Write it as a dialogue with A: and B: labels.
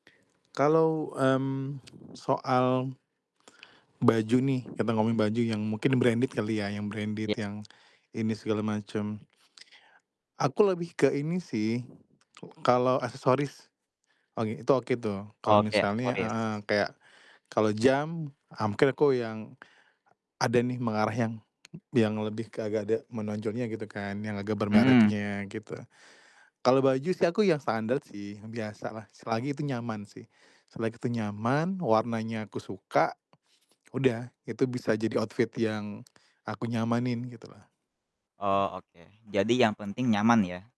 A: Kalau, mmm, soal, baju nih, kita ngomongin baju yang mungkin branded kali ya, yang branded
B: Iya.
A: yang ini segala macem aku lebih ke ini sih, kalau aksesoris, oh itu oke tuh kalau
B: Oke
A: misalnya heeh,
B: aksesoris.
A: kayak, kalau jam hampir aku yang ada nih mengarah yang yang lebih ke agak ada menonjolnya gitu kan, yang agak
B: Mmm.
A: bermerknya gitu. Kalau baju sih aku yang standard sih, yang biasa lah. Selagi itu nyaman sih. Selagi itu nyaman, warnanya aku suka, udah itu bisa jadi outfit yang aku nyamanin gitu lah.
B: Oh oke, jadi yang penting nyaman ya?